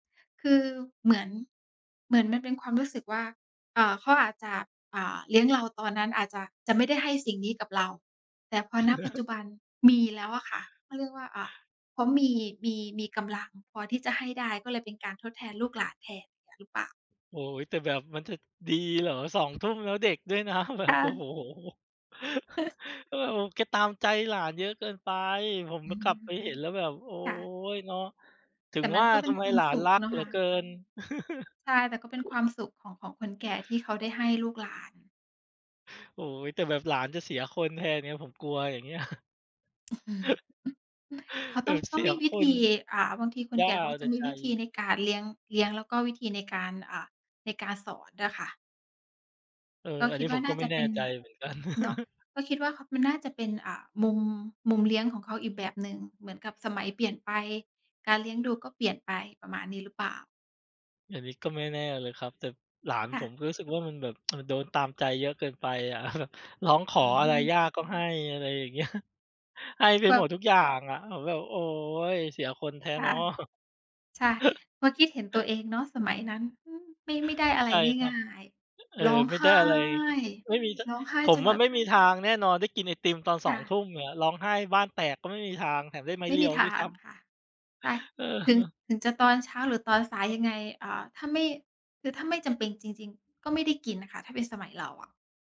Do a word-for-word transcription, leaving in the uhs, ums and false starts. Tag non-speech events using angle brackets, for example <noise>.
คือเหมือน เหมือนมันเป็นความรู้สึกว่า เอ่อ เขาอาจจะ อ่า เลี้ยงเราตอนนั้นอาจจะ จะไม่ได้ให้สิ่งนี้กับเรา แต่พอ ณ ปัจจุ<chuckles> บันมีแล้วอะค่ะ เขาเรียกว่า อ่า เขามี มี มีกำลังพอที่จะให้ได้ ก็เลยเป็นการทดแทนลูกหลานแทน อย่างเงี้ยหรือเปล่า? โอ้โฮ แต่แบบมันจะดี เหรอ สอง ทุ่ม แล้วเด็กด้วยนะ แบคบ ่โอ้โะ ฮ เออ ม แกตามใจหลานเยอะเกินไป ผม อม ือ กลับไปเห็นแล้วแบบ โอ๊ค่ะ ย เนาะ ถึแตง่มัว่นาก็เปท็นำไคมวามหลาสน ุรขักเนาเะหลคือะ เกิน ใช่ แต่ก็เป็นคว<chuckles> ามสุขของ ของคนแก่ที่เขาได้ให้ลูกหลาน โอ้โฮ แต่แบบหลานจะเสียคนแทนไง ผมกลัวอย่างเงี้ย อื้อฮือ เขาเอต้อง อ เตส้อีงมยีวคิธน ี อ่า บางทีคนย่แาก่เอเขาาจแตะ่มีใจ วิธีในการเลี้ยง เลี้ยง แล้วก็วิธีในการ อ่า ในการสอนอะค่ะ เออ ก็อันคนิีด้วผ่ามกน่็ าไมจ่ะแเนป่็น ใจเหมือนกัน เนาะ <chuckles> ก็คิดว่า ข มันน่าจะเป็น อ่า มุม มุมเลี้ยงของเขาอีกแบบ หนึ่ง เหมือนกับสมัยเปลี่ยนไป การเลี้ยงดูก็เปลี่ยนไป ประมาณนี้หรือเปล่า? อันนี้ก็ไม่แน่เลยครับ แต่หลานค่ผม ะ ก็รู้สึกว่ามันแบบ <tsk> มันโดนตามใจเยอะเกินไป อะ แบบ ร้องขออือะไรยม ่าก็ให้ อะไรอย่างเงี้ย ให้ไปแบแบบหมดบ ทุก อย่างอะ ผมแบบ "โอ๊ย เสียคนแท้คเ่นาะ ะ" ใช่ เมื่อกี้เห็นตัวเองเนาะ สมัยนั้น อือ ไม่ ไม่ได้อะไรใช่ครงั่บ าย ฮ เออ ๆ ร้องไม่ไหได้ ้ อะไร ไม่มี จ ร้องไห้ผจมนอแบะ บ ไม่มีทางแน่นอนได้กินไอติมตอน คสอ่ง ทะ ุ่มอะ ร้องไห้บ้านแตกก็ไม่มีทาง แถมได้ไม้ไม่เรีมียวทด้วายซง้ำ ค่ะ ได้ เถึง ออ ถึงจะตอนเช้า หรือตอนสายยังไง อ่า ถ้าไม่ คือถ้าไม่จำเป็นจริง ๆ ก็ไม่ได้กินน่ะค่ะ ถ้าเป็นสมัยเราอะ